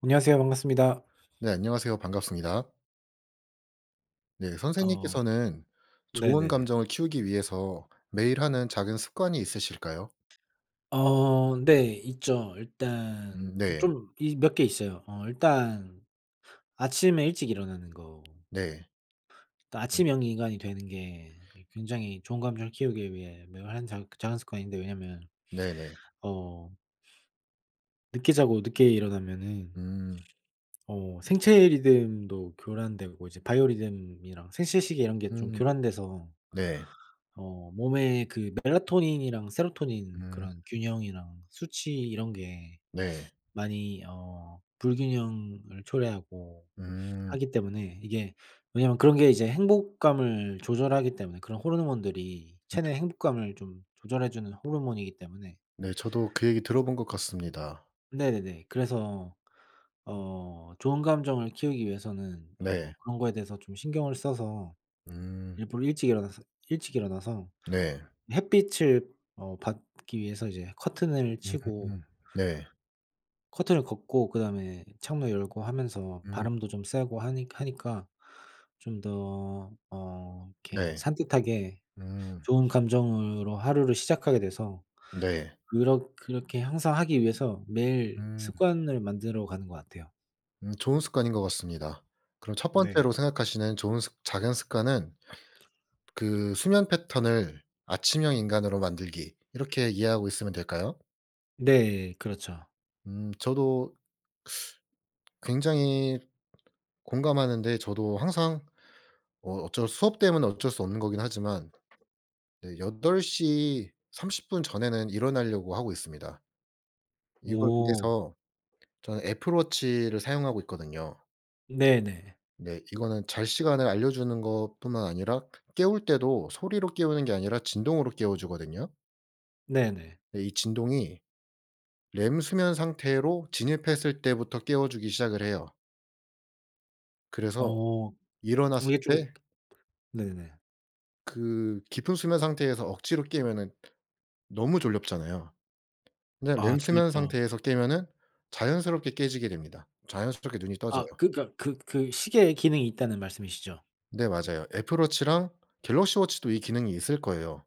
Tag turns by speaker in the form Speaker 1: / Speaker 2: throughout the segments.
Speaker 1: 안녕하세요. 반갑습니다.
Speaker 2: 네 안녕하세요. 반갑습니다. 네
Speaker 1: 어
Speaker 2: 선생님께서는 좋은
Speaker 1: 네네네.
Speaker 2: 감정을 키우기 위해서 매일 하는 작은 습관이 있으실까요?
Speaker 1: 어 네 있죠. 일단
Speaker 2: 음
Speaker 1: 그
Speaker 2: 네.
Speaker 1: 좀 이 몇 개 있어요. 어 일단 아침에 일찍 일어나는 거.
Speaker 2: 네.
Speaker 1: 그니까 아침형 인간이 되는 게 이 굉장히 좋은 감정을 키우기 위해 매번 하는 작 작은 습관인데 왜냐하면
Speaker 2: 네네.
Speaker 1: 어 늦게 자고 늦게 일어나면은
Speaker 2: 음.
Speaker 1: 어 생체 리듬도 교란되고 이제 바이오리듬이랑 생체시계 이런 게 좀
Speaker 2: 음.
Speaker 1: 교란돼서
Speaker 2: 네.
Speaker 1: 어 몸에 그 멜라토닌이랑 세로토닌
Speaker 2: 음.
Speaker 1: 그런 균형이랑 수치 이런 게
Speaker 2: 네.
Speaker 1: 많이 어 불균형을 초래하고
Speaker 2: 음.
Speaker 1: 하기 때문에 이게 왜냐하면 그런 게 이제 행복감을 조절하기 때문에 그런 호르몬들이 체내 행복감을 좀 조절해 주는 호르몬이기 때문에
Speaker 2: 네. 저도 그 얘기 들어본 것 같습니다.
Speaker 1: 네네. 그래서 어 좋은 감정을 키우기 위해서는 어
Speaker 2: 네.
Speaker 1: 그런 거에 대해서 좀 신경을 써서
Speaker 2: 음.
Speaker 1: 일부러 일찍 일어나서, 일찍 일어나서
Speaker 2: 네.
Speaker 1: 햇빛을 어 받기 위해서 이제 커튼을 치고
Speaker 2: 음. 네.
Speaker 1: 커튼을 걷고 그다음에 창문 열고 하면서
Speaker 2: 음.
Speaker 1: 바람도 좀 쐬고 하니 하니까 좀 더 어 이렇게
Speaker 2: 네.
Speaker 1: 산뜻하게
Speaker 2: 음.
Speaker 1: 좋은 감정으로 하루를 시작하게 돼서
Speaker 2: 네.
Speaker 1: 그렇 그렇게 항상 하기 위해서 매일
Speaker 2: 음.
Speaker 1: 습관을 만들어가는 것 같아요.
Speaker 2: 음 좋은 습관인 것 같습니다. 그럼 첫
Speaker 1: 네.
Speaker 2: 번째로 생각하시는 좋은 습 작은 습관은 그 수면 패턴을 아침형 인간으로 만들기 이렇게 이해하고 있으면 될까요?
Speaker 1: 네 그렇죠.
Speaker 2: 음 저도 굉장히 공감하는데 저도 항상 어 어쩔 수업 때문에 어쩔 수 없는 거긴 하지만 네 8 시 30 분 전에는 일어나려고 하고 있습니다. 이걸
Speaker 1: 오.
Speaker 2: 위해서 저는 애플 워치를 사용하고 있거든요.
Speaker 1: 네네.
Speaker 2: 네. 이거는 잘 시간을 알려주는 것뿐만 아니라 깨울 때도 소리로 깨우는 게 아니라 진동으로 깨워주거든요.
Speaker 1: 네네.
Speaker 2: 예 이 진동이 렘수면 상태로 진입했을 때부터 깨워주기 시작을 해요. 그래서
Speaker 1: 어.
Speaker 2: 일어났을
Speaker 1: 이게 좀
Speaker 2: 때
Speaker 1: 네네.
Speaker 2: 그 깊은 수면 상태에서 억지로 깨면은 너무 졸립잖아요. 근데
Speaker 1: 아
Speaker 2: 렘수면
Speaker 1: 졸립죠.
Speaker 2: 상태에서 깨면은 자연스럽게 깨지게 됩니다. 자연스럽게 눈이 떠져요.
Speaker 1: 아 그니까 그 그 시계에 기능이 있다는 말씀이시죠?
Speaker 2: 네 맞아요. 애플 워치랑 갤럭시 워치도 이 기능이 있을 거예요.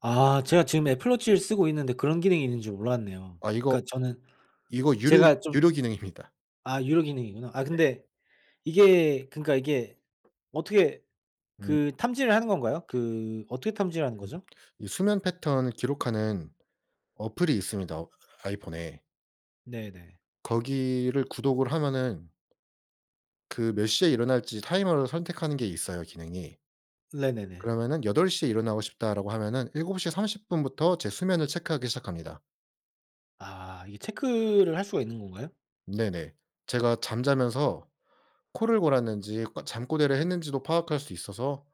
Speaker 1: 아 제가 지금 애플 워치를 쓰고 있는데 그런 기능이 있는지 몰랐네요.
Speaker 2: 아 이거
Speaker 1: 그니까 저는
Speaker 2: 이거 유료
Speaker 1: 제가 좀
Speaker 2: 유료기능입니다.
Speaker 1: 아 유료 기능이구나. 아
Speaker 2: 네.
Speaker 1: 근데 이게 그니까 이게 어떻게
Speaker 2: 음.
Speaker 1: 그 탐지를 하는 건가요? 그 어떻게 탐지를 하는
Speaker 2: 으음.
Speaker 1: 거죠?
Speaker 2: 이 수면 패턴을 기록하는 어플이 있습니다. 어 아이폰에.
Speaker 1: 네네.
Speaker 2: 거기를 구독을 하면은 그 몇 시에 일어날지 타이머를 선택하는 게 있어요 기능이.
Speaker 1: 네네네.
Speaker 2: 그러면은 '8 시에 일어나고 싶다.'라고 하면은 7 시 30 분부터 제 수면을 체크하기 시작합니다.
Speaker 1: 아 이게 체크를 할 수가 있는 건가요?
Speaker 2: 네네. 제가 잠자면서 코를 골았는지 꼬 잠꼬대를 했는지도 파악할 수 있어서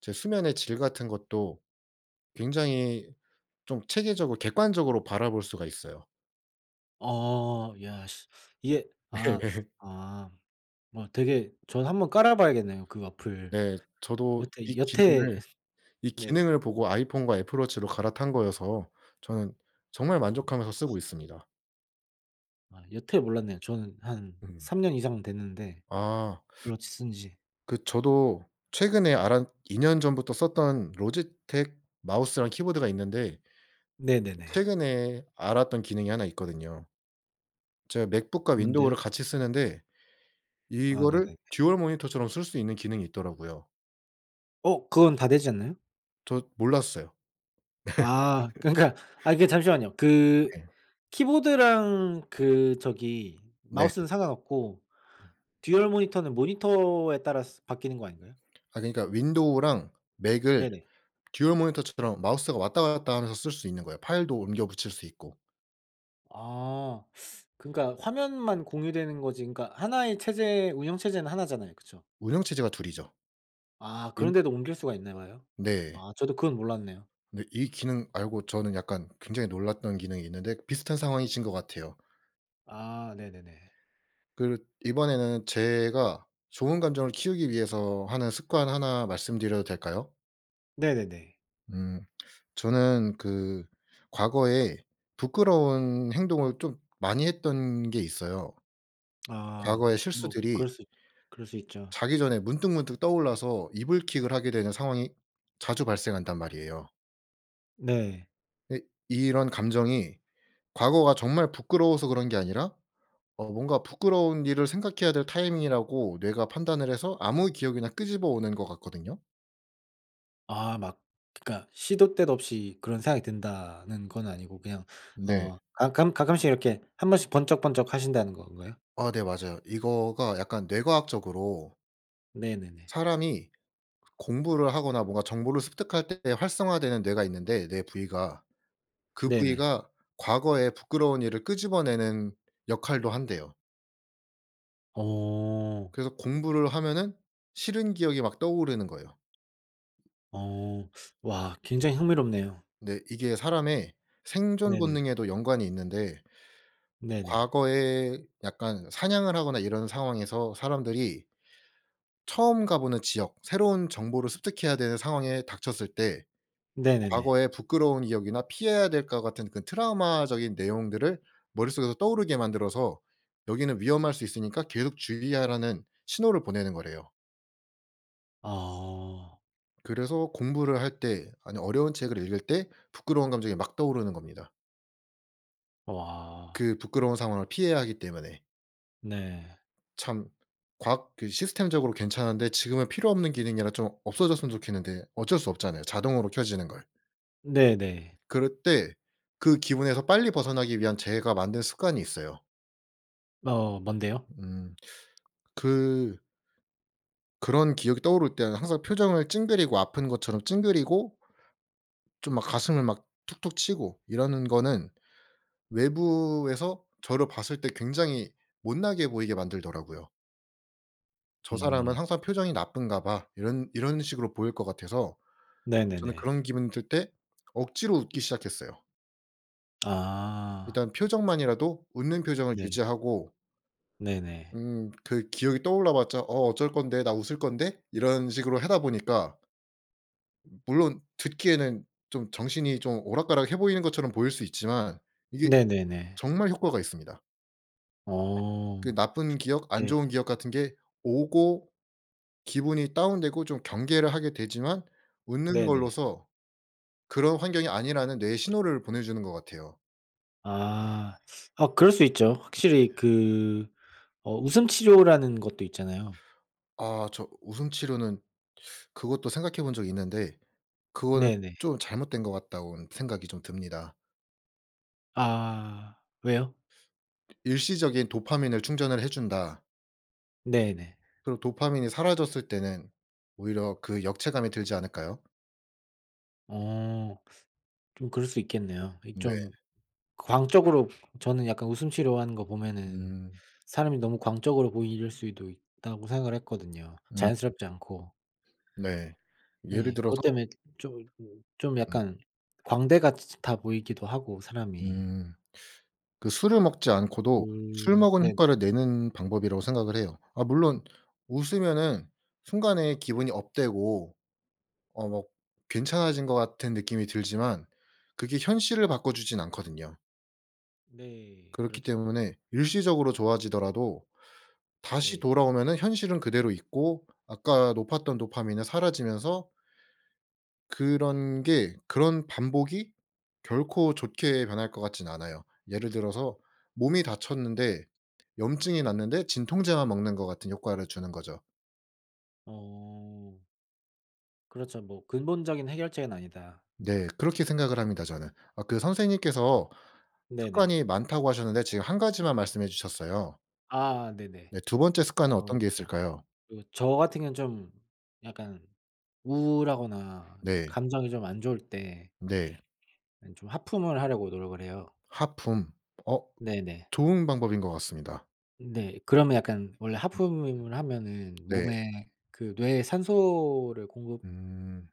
Speaker 2: 제 수면의 질 같은 것도 굉장히 좀 체계적으로 객관적으로 바라볼 수가 있어요.
Speaker 1: 어. 야 시 이게 아
Speaker 2: 네.
Speaker 1: 아. 뭐 되게 저도 한번 깔아 봐야겠네요 그 어플.
Speaker 2: 네. 저도 이
Speaker 1: 여태 여태
Speaker 2: 기능을, 이
Speaker 1: 네.
Speaker 2: 기능을 보고 아이폰과 애플 워치로 갈아탄 거여서 저는 정말
Speaker 1: 아.
Speaker 2: 만족하면서 쓰고 있습니다.
Speaker 1: 아 여태 몰랐네요. 저는 한
Speaker 2: 음.
Speaker 1: 3 년 이상 됐는데
Speaker 2: 아.
Speaker 1: 블루투스 쓴 지.
Speaker 2: 그 저도 최근에 알았 2 년 전부터 썼던 로지텍 마우스랑 키보드가 있는데
Speaker 1: 네네네.
Speaker 2: 최근에 알았던 기능이 1 있거든요. 제가 맥북과
Speaker 1: 뭔데요?
Speaker 2: 윈도우를 같이 쓰는데
Speaker 1: 아
Speaker 2: 이거를
Speaker 1: 네네네.
Speaker 2: 듀얼 모니터처럼 쓸 수 있는 기능이 있더라고요.
Speaker 1: 어 그건 다 되지 않나요?
Speaker 2: 저 몰랐어요.
Speaker 1: 아 그니까 아 이게 잠시만요. 그
Speaker 2: 네.
Speaker 1: 키보드랑 그 저기
Speaker 2: 네.
Speaker 1: 마우스는 상관없고 듀얼 모니터는 모니터에 따라서 바뀌는 거 아닌가요?
Speaker 2: 아 그니까 윈도우랑 맥을
Speaker 1: 네네.
Speaker 2: 듀얼 모니터처럼 마우스가 왔다 갔다 하면서 쓸 수 있는 거예요. 파일도 옮겨 붙일 수 있고.
Speaker 1: 아 그니까 화면만 공유되는 거지 그니까 1 의 체제 운영체제는 1 잖아요. 그쵸?
Speaker 2: 운영체제가 2 이죠.
Speaker 1: 아
Speaker 2: 윈
Speaker 1: 그런데도 옮길 수가 있나 봐요?
Speaker 2: 네.
Speaker 1: 아 저도 그건 몰랐네요.
Speaker 2: 네. 이 기능 알고 저는 약간 굉장히 놀랐던 기능이 있는데 비슷한 상황이신 것 같아요.
Speaker 1: 아 네네네.
Speaker 2: 그렇 이번에는 제가 좋은 감정을 키우기 위해서 하는 습관 1 말씀드려도 될까요?
Speaker 1: 네네네.
Speaker 2: 음. 저는 그 과거에 부끄러운 행동을 좀 많이 했던 게 있어요.
Speaker 1: 아
Speaker 2: 과거의
Speaker 1: 뭐
Speaker 2: 실수들이
Speaker 1: 그럴 수 있 그럴 수 있죠.
Speaker 2: 자기 전에 문득문득 떠올라서 이불킥을 하게 되는 상황이 자주 발생한단 말이에요.
Speaker 1: 네.
Speaker 2: 근데 이런 감정이 과거가 정말 부끄러워서 그런 게 아니라 어 뭔가 부끄러운 일을 생각해야 될 타이밍이라고 뇌가 판단을 해서 아무 기억이나 끄집어 오는 것 같거든요.
Speaker 1: 아 막 그니까 시도 때도 없이 그런 생각이 든다는 건 아니고 그냥
Speaker 2: 네.
Speaker 1: 어 가끔? 가끔씩 이렇게 1 번씩 번쩍번쩍하신다는 건가요?
Speaker 2: 아 네 맞아요. 이거가 약간 뇌과학적으로
Speaker 1: 네네네.
Speaker 2: 사람이 그 공부를 하거나 뭔가 정보를 습득할 때 활성화되는 뇌가 있는데 뇌 부위가 그
Speaker 1: 네네.
Speaker 2: 부위가 과거의 부끄러운 일을 끄집어내는 역할도 한대요.
Speaker 1: 오.
Speaker 2: 그래서 공부를 하면은 싫은 기억이 막 떠오르는 거예요.
Speaker 1: 어 와 굉장히 흥미롭네요.
Speaker 2: 네. 이게 사람의 생존
Speaker 1: 네네.
Speaker 2: 본능에도 연관이 있는데
Speaker 1: 네네.
Speaker 2: 과거에 약간 사냥을 하거나 이런 상황에서 사람들이 처음 가보는 지역 새로운 정보를 습득해야 되는 상황에 닥쳤을 때
Speaker 1: 네네네.
Speaker 2: 과거에 부끄러운 기억이나 피해야 될 것 같은 그 트라우마적인 내용들을 머릿속에서 떠오르게 만들어서 여기는 위험할 수 있으니까 계속 주의하라는 신호를 보내는 거래요.
Speaker 1: 아.
Speaker 2: 그래서 공부를 할 때 아니 어려운 책을 읽을 때 부끄러운 감정이 막 떠오르는 겁니다.
Speaker 1: 와.
Speaker 2: 그 부끄러운 상황을 피해야 하기 때문에.
Speaker 1: 네.
Speaker 2: 참 과학 그 시스템적으로 괜찮은데 지금은 필요 없는 기능이라 좀 없어졌으면 좋겠는데 어쩔 수 없잖아요 자동으로 켜지는 걸.
Speaker 1: 네네.
Speaker 2: 그럴 때 그 기분에서 빨리 벗어나기 위한 제가 만든 습관이 있어요.
Speaker 1: 어 뭔데요?
Speaker 2: 음 그 그런 기억이 떠오를 때는 항상 표정을 찡그리고 아픈 것처럼 찡그리고 좀 막 가슴을 막 툭툭 치고 이러는 거는 외부에서 저를 봤을 때 굉장히 못나게 보이게 만들더라고요. '저 사람은
Speaker 1: 음.
Speaker 2: 항상 표정이 나쁜가봐.' 이런 이런 식으로 보일 것 같아서 저는
Speaker 1: 네네네.
Speaker 2: 그런 기분이 들 때 억지로 웃기 시작했어요.
Speaker 1: 아.
Speaker 2: 일단 표정만이라도 웃는 표정을
Speaker 1: 네.
Speaker 2: 유지하고
Speaker 1: 네네.
Speaker 2: 음 그 기억이 떠올라 봤자 '어 어쩔 건데. 나 웃을 건데?' 이런 식으로 하다 보니까 물론 듣기에는 좀 정신이 좀 오락가락해 보이는 것처럼 보일 수 있지만 이게
Speaker 1: 네네네.
Speaker 2: 정말 효과가 있습니다. 그
Speaker 1: 어
Speaker 2: 나쁜 기억 안
Speaker 1: 네.
Speaker 2: 좋은 기억 같은 게 오고 기분이 다운되고 좀 경계를 하게 되지만 웃는
Speaker 1: 네네.
Speaker 2: 걸로서 그런 환경이 아니라는 뇌에 신호를 보내주는 것 같아요.
Speaker 1: 아 어 그럴 수 있죠.
Speaker 2: 네.
Speaker 1: 확실히 그 어 웃음 치료라는 것도 있잖아요.
Speaker 2: 아 저 웃음 치료는 그것도 생각해본 적이 있는데 그거는
Speaker 1: 네네.
Speaker 2: 좀 잘못된 것 같다고는 생각이 좀 듭니다.
Speaker 1: 아 왜요?
Speaker 2: 일시적인 도파민을 충전을 해 준다.
Speaker 1: 네네.
Speaker 2: 그럼 도파민이 사라졌을 때는 오히려 그 역체감이 들지 않을까요?
Speaker 1: 어 좀 그럴 수 있겠네요. 이
Speaker 2: 네.
Speaker 1: 좀 광적으로 저는 약간 웃음 치료하는 거 보면은
Speaker 2: 음.
Speaker 1: 사람이 너무 광적으로 보일 수도 있다고 생각을 했거든요.
Speaker 2: 음.
Speaker 1: 자연스럽지 않고.
Speaker 2: 네. 예를
Speaker 1: 네. 그것
Speaker 2: 들어서
Speaker 1: 때문에 좀 좀
Speaker 2: 음.
Speaker 1: 약간 광대 같이 아 보이기도 하고 사람이.
Speaker 2: 음. 그 술을 먹지 않고도
Speaker 1: 음
Speaker 2: 술 먹은
Speaker 1: 네네.
Speaker 2: 효과를 내는 방법이라고 생각을 해요. 아 물론 웃으면은 순간에 기분이 업되고 어 먹 괜찮아진 것 같은 느낌이 들지만 그게 현실을 바꿔 주지는 않거든요.
Speaker 1: 네
Speaker 2: 그렇기
Speaker 1: 그렇죠.
Speaker 2: 때문에 일시적으로 좋아지더라도 다시
Speaker 1: 네.
Speaker 2: 돌아오면은 현실은 그대로 있고 아까 높았던 도파민은 사라지면서 그런게 그런 반복이 결코 좋게 변할 것 같지는 않아요. 예를 들어서 몸이 다쳤는데 염증이 났는데 진통제만 먹는 것 같은 효과를 주는 거죠.
Speaker 1: 어. 그렇죠. 뭐 근본적인 해결책은 아니다.
Speaker 2: 네 그렇게 생각을 합니다 저는. 아 그
Speaker 1: 어
Speaker 2: 선생님께서
Speaker 1: 네네.
Speaker 2: 습관이 많다고 하셨는데 지금 1 가지만 말씀해 주셨어요.
Speaker 1: 아 네네.
Speaker 2: 네 2 번째 습관은
Speaker 1: 어
Speaker 2: 어떤 게 있을까요.
Speaker 1: 그리고 저 같은 경우는 좀 약간 우울하거나
Speaker 2: 네.
Speaker 1: 감정이 좀 안 좋을 때
Speaker 2: 네.
Speaker 1: 아니 좀 하품을 하려고 노력을 해요.
Speaker 2: 하품. 어
Speaker 1: 네네.
Speaker 2: 좋은 방법인 것 같습니다.
Speaker 1: 네. 그러면 약간 원래 하품을 하면은
Speaker 2: 네.
Speaker 1: 몸에 그 뇌에 산소를 공급
Speaker 2: 음.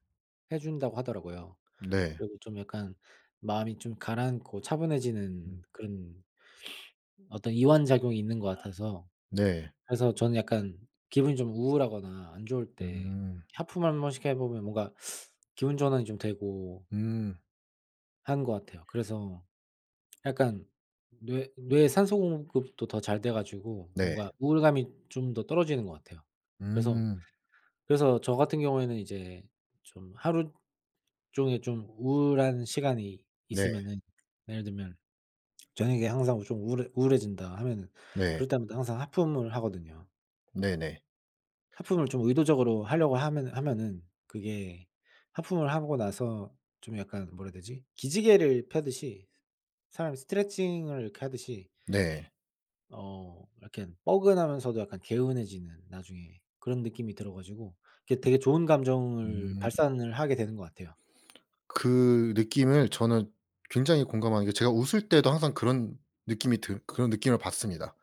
Speaker 1: 해 준다고 하더라고요.
Speaker 2: 네.
Speaker 1: 그리고 좀 약간 마음이 좀 가라앉고 차분해지는
Speaker 2: 음.
Speaker 1: 그런 어떤 이완 작용이 있는 것 같아서
Speaker 2: 네.
Speaker 1: 그래서 저는 약간 기분이 좀 우울하거나 안 좋을 때
Speaker 2: 음.
Speaker 1: 하품 1 번씩 해 보면 뭔가 기분 전환이 좀 되고
Speaker 2: 음.
Speaker 1: 하는 것 같아요. 그래서 약간 뇌 뇌에 산소 공급도 더 잘 돼 가지고
Speaker 2: 네.
Speaker 1: 뭔가 우울감이 좀 더 떨어지는 것 같아요. 그래서
Speaker 2: 음.
Speaker 1: 그래서 저 같은 경우에는 이제 좀 하루 종일 좀 우울한 시간이
Speaker 2: 네.
Speaker 1: 있으면은 예를 들면 저녁에 항상 좀 우울해 우울해진다 하면은
Speaker 2: 네.
Speaker 1: 그럴 때마다 항상 하품을 하거든요.
Speaker 2: 네네.
Speaker 1: 하품을 좀 의도적으로 하려고 하면은 하면은 그게 하품을 하고 나서 좀 약간 뭐라 해야 되지? 기지개를 펴듯이 사람이 스트레칭을 이렇게 하듯이
Speaker 2: 네.
Speaker 1: 어 이렇게 뻐근하면서도 약간 개운해지는 나중에 그런 느낌이 들어 가지고 이게 되게 좋은 감정을
Speaker 2: 음.
Speaker 1: 발산을 하게 되는 것 같아요.
Speaker 2: 그 느낌을 저는 굉장히 공감한게 제가 웃을 때도 항상 그런 느낌이 들 그런 느낌을 받습니다.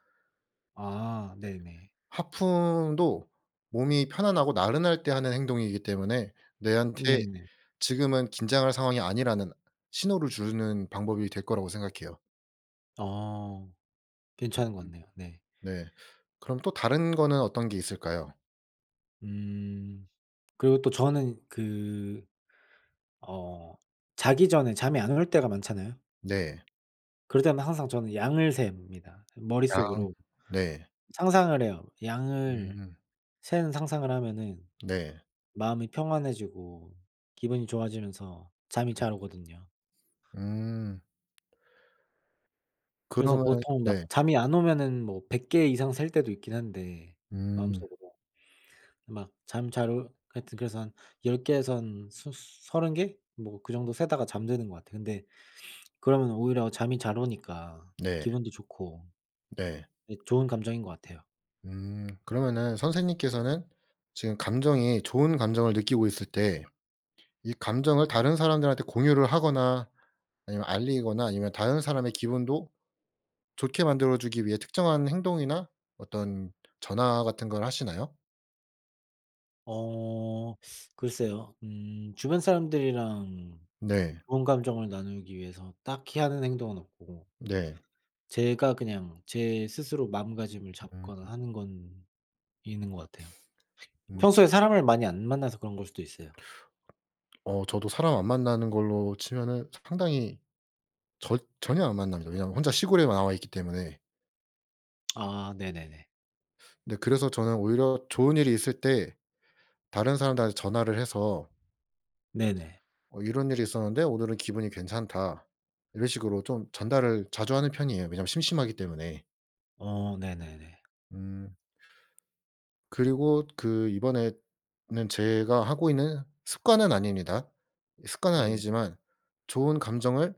Speaker 1: 아
Speaker 2: 네.
Speaker 1: 네네.
Speaker 2: 하품도 몸이 편안하고 나른할 때 하는 행동이기 때문에 내한테
Speaker 1: 네네.
Speaker 2: 지금은 긴장할 상황이 아니라는 신호를 주는 방법이 될 거라고 생각해요.
Speaker 1: 어 괜찮은 것
Speaker 2: 으음.
Speaker 1: 같네요 네.
Speaker 2: 네. 그럼 또 다른 거는 어떤 게 있을까요?
Speaker 1: 음 그리고 또 저는 그 어 자기 전에 잠이 안 올 때가 많잖아요.
Speaker 2: 네.
Speaker 1: 그럴 때마다 항상 저는 양을 셉니다
Speaker 2: 아
Speaker 1: 머릿속으로.
Speaker 2: 네.
Speaker 1: 상상을 해요. 양을
Speaker 2: 음.
Speaker 1: 세는 상상을 하면은
Speaker 2: 네.
Speaker 1: 마음이 평안해지고 기분이 좋아지면서 잠이 잘
Speaker 2: 으음.
Speaker 1: 오거든요.
Speaker 2: 음.
Speaker 1: 그래서
Speaker 2: 그러면은
Speaker 1: 보통 막
Speaker 2: 네.
Speaker 1: 잠이 안 오면은 뭐 100 개 이상 셀 때도 있긴 한데
Speaker 2: 음.
Speaker 1: 마음속으로. 막 잠 잘 올 하여튼 그래서 한 10 개에서 한 스 30 개? 뭐 그 정도 세다가 잠드는 것 같아요. 근데 그러면 오히려 잠이 잘 오니까
Speaker 2: 네.
Speaker 1: 기분도 좋고.
Speaker 2: 네.
Speaker 1: 예 좋은 감정인 것 같아요.
Speaker 2: 음. 그러면은 선생님께서는 지금 감정이 좋은 감정을 느끼고 있을 때 이 감정을 다른 사람들한테 공유를 하거나 아니면 알리거나 아니면 다른 사람의 기분도 좋게 만들어주기 위해 특정한 행동이나 어떤 전화 같은 걸 하시나요?
Speaker 1: 어 글쎄요. 음 주변 사람들이랑
Speaker 2: 네.
Speaker 1: 좋은 감정을 나누기 위해서 딱히 하는 행동은 없고
Speaker 2: 네.
Speaker 1: 제가 그냥 제 스스로 마음가짐을
Speaker 2: 음.
Speaker 1: 잡거나 하는 건 있는 것 같아요.
Speaker 2: 음.
Speaker 1: 평소에 사람을 많이 안 만나서 그런 걸 수도 있어요.
Speaker 2: 어 저도 사람 안 만나는 걸로 치면은 상당히 절 전혀 안 만납니다. 왜냐하면 혼자 시골에 나와 있기 때문에.
Speaker 1: 아 네네네.
Speaker 2: 네. 그래서 저는 오히려 좋은 일이 있을 때 다른 사람들한테 전화를 해서
Speaker 1: 네네.
Speaker 2: 어 "이런 일이 있었는데 오늘은 기분이 괜찮다." 이런 식으로 좀 전달을 자주 하는 편이에요. 왜냐하면 심심하기 때문에.
Speaker 1: 어 네네네.
Speaker 2: 음. 그리고 그 이번에는 제가 하고 있는 습관은 아닙니다. 습관은
Speaker 1: 네네.
Speaker 2: 아니지만 좋은 감정을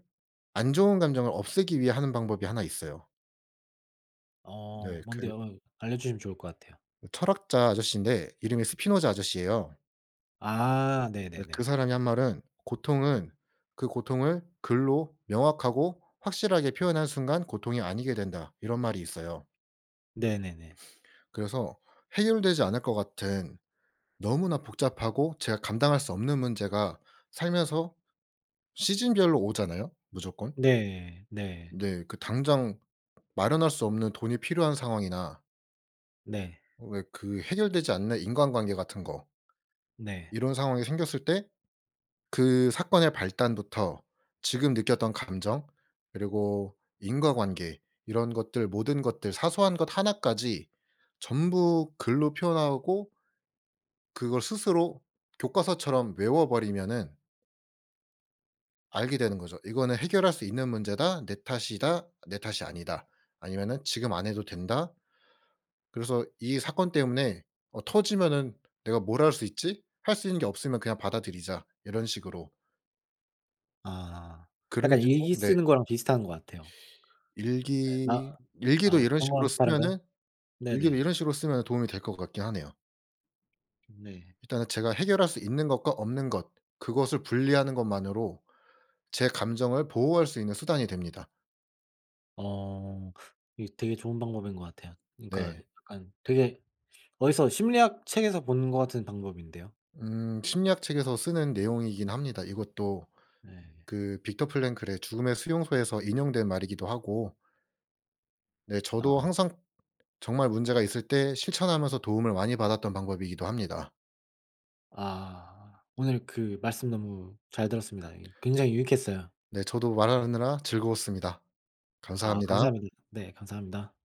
Speaker 2: 안 좋은 감정을 없애기 위해 하는 방법이 1 있어요.
Speaker 1: 어
Speaker 2: 네. 그
Speaker 1: 뭔데요? 으 알려주시면 좋을 것 같아요.
Speaker 2: 철학자 아저씨인데 이름이 스피노자 아저씨에요. 예
Speaker 1: 아
Speaker 2: 그
Speaker 1: 네네네.
Speaker 2: 사람이 한 말은 "고통은 그 고통을 글로 명확하고 확실하게 표현한 순간 고통이 아니게 된다." 이런 말이 있어요.
Speaker 1: 네네네.
Speaker 2: 그래서 해결되지 않을 것 같은 너무나 복잡하고 제가 감당할 수 없는 문제가 살면서 시즌별로 오잖아요 무조건.
Speaker 1: 네. 네.
Speaker 2: 네. 그 당장 마련할 수 없는 돈이 필요한 상황이나
Speaker 1: 네.
Speaker 2: 왜 그 해결되지 않는 인간관계 같은 거
Speaker 1: 네.
Speaker 2: 이런 상황이 생겼을 때 그 사건의 발단부터 지금 느꼈던 감정 그리고 인과관계 이런 것들 모든 것들 사소한 것 1 까지 전부 글로 표현하고 그걸 스스로 교과서처럼 외워버리면은 알게 되는 거죠. '이거는 해결할 수 있는 문제다. 내 탓이다. 내 탓이 아니다.' 아니면은 '지금 안 해도 된다.' 그래서 이 사건 때문에 어 터지면은 '내가 뭘 할 수 있지? 할 수 있는 게 없으면 그냥 받아들이자.' 이런 식으로.
Speaker 1: 아.
Speaker 2: 그렇죠
Speaker 1: 약간 일기
Speaker 2: 네.
Speaker 1: 쓰는 거랑 비슷한 것 같아요. 예 마
Speaker 2: 일기 일기도
Speaker 1: 아
Speaker 2: 이런
Speaker 1: 그런 거랑
Speaker 2: 식으로
Speaker 1: 좀
Speaker 2: 쓰면은
Speaker 1: 다른가요?
Speaker 2: 일기를
Speaker 1: 네네.
Speaker 2: 이런 식으로 쓰면 도움이 될 것 같긴 하네요.
Speaker 1: 네.
Speaker 2: 일단은 제가 해결할 수 있는 것과 없는 것 그것을 분리하는 것만으로 제 감정을 보호할 수 있는 수단이 됩니다.
Speaker 1: 어 이게 되게 좋은 방법인 것 같아요. 그니까
Speaker 2: 네.
Speaker 1: 약간 되게 어디서 심리학 책에서 본 것 같은 방법인데요.
Speaker 2: 음. 심리학 책에서 쓰는 내용이긴 합니다 이것도.
Speaker 1: 네.
Speaker 2: 그 빅터 프랭클의 죽음의 수용소에서 인용된 말이기도 하고 네. 저도
Speaker 1: 아.
Speaker 2: 항상 정말 문제가 있을 때 실천하면서 도움을 많이 받았던 방법이기도 합니다.
Speaker 1: 아 오늘 그 말씀 너무 잘 들었습니다. 이 굉장히 유익했어요.
Speaker 2: 네. 저도 말하느라 즐거웠습니다.
Speaker 1: 아
Speaker 2: 감사합니다.
Speaker 1: 감사합니다. 네 감사합니다.